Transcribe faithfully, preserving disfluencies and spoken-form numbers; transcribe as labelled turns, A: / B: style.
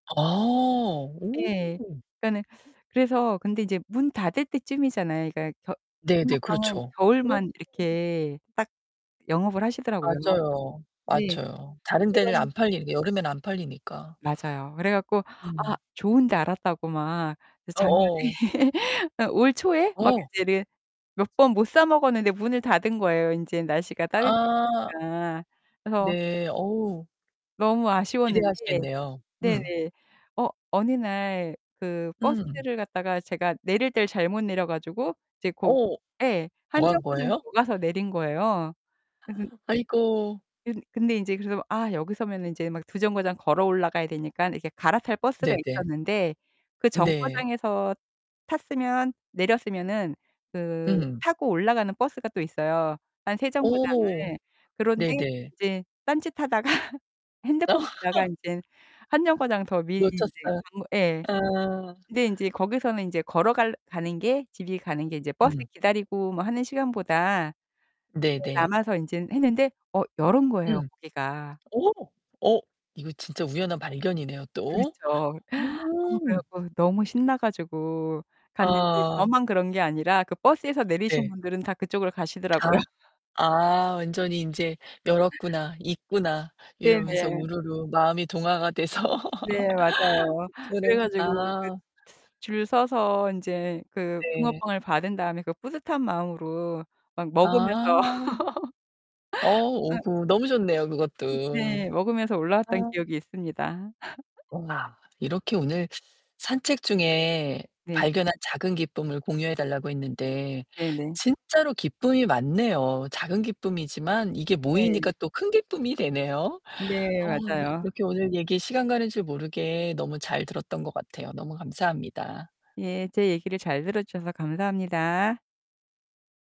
A: 아,
B: 예.
A: 오.
B: 그니까는 그래서 근데 이제 문 닫을 때 쯤이잖아요. 그니까 겨
A: 네네.
B: 붕어빵은
A: 그렇죠. 어.
B: 겨울만 이렇게 딱 영업을 하시더라고요.
A: 맞아요.
B: 네.
A: 맞아요. 다른
B: 그래
A: 데는
B: 가지고
A: 안 팔리니 여름에는 안 팔리니까.
B: 맞아요. 그래 갖고 아
A: 음.
B: 좋은 데 알았다고 막 그래서 작년에
A: 어어.
B: 아 올 초에 막
A: 어.
B: 이제 이래 몇 번 못 사 먹었는데 문을 닫은 거예요. 인제 날씨가
A: 아.
B: 따뜻해지니까 그래서
A: 네, 어우.
B: 너무 아쉬웠는데
A: 기대하시겠네요. 음.
B: 네네. 어 어느 날 그
A: 음.
B: 버스를 갖다가 제가 내릴 때를 잘못 내려 가지고 이제 고
A: 어
B: 예. 한
A: 더 한
B: 정거장
A: 거예요?
B: 더 가서 내린 거예요. 그래서
A: 아이고.
B: 그 근데 인제 그래서 아 여기 서면은 이제 막 두 정거장 걸어 올라가야 되니까 이렇게 갈아탈 버스가
A: 네네.
B: 있었는데 그
A: 네.
B: 정거장에서 탔으면 내렸으면은 그
A: 음.
B: 타고 올라가는 버스가 또 있어요. 한 세 정거장을.
A: 오
B: 그런데
A: 네네.
B: 이제 딴짓하다가 핸드폰 보다가 인제 한 정거장 더 미리 인제
A: 놓쳤어요.
B: 가면 예.
A: 아.
B: 근데 인제 거기서는 인제 걸어갈 가는 게 집이 가는 게 이제 버스
A: 음.
B: 기다리고 뭐 하는 시간보다 네
A: 네네.
B: 남아서 인제 했는데 어 열은 거예요,
A: 음.
B: 거기가.
A: 어. 어 이거 진짜 우연한 발견이네요 또.
B: 그렇죠. 아 그래
A: 음.
B: 갖고 너무 신나 가지고 갔는데
A: 아.
B: 저만 그런 게 아니라 그 버스에서 내리신
A: 네.
B: 분들은 다 그쪽으로 가시더라고요.
A: 아. 아 완전히 인제 '열었구나. 있구나.' 이러면서
B: 네네.
A: 우르르 마음이 동화가 돼서.
B: 네, 맞아요. 그래
A: [unintelligible]
B: 가지고 그
A: 아.
B: 줄 서서 인제 그
A: 네.
B: 붕어빵을 받은 다음에 그 뿌듯한 마음으로 막
A: 아.
B: 먹으면서.
A: 어,
B: 아
A: 오구 너무 좋네요 그것도.
B: 네. 먹으면서
A: 아.
B: 올라왔던 기억이 있습니다.
A: 우와, 이렇게 오늘 산책 중에
B: 네.
A: 발견한 작은 기쁨을 공유해 달라고 했는데,
B: 네네.
A: 진짜로 기쁨이 많네요. 작은 기쁨이지만 이게
B: 네.
A: 모이니까 또 큰 기쁨이 되네요.
B: 네,
A: 어
B: 맞아요.
A: 이렇게 오늘 얘기 시간 가는 줄 모르게 너무 잘 들었던 것 같아요. 너무 감사합니다.
B: 예. 제 얘기를 잘 들어주셔서 감사합니다.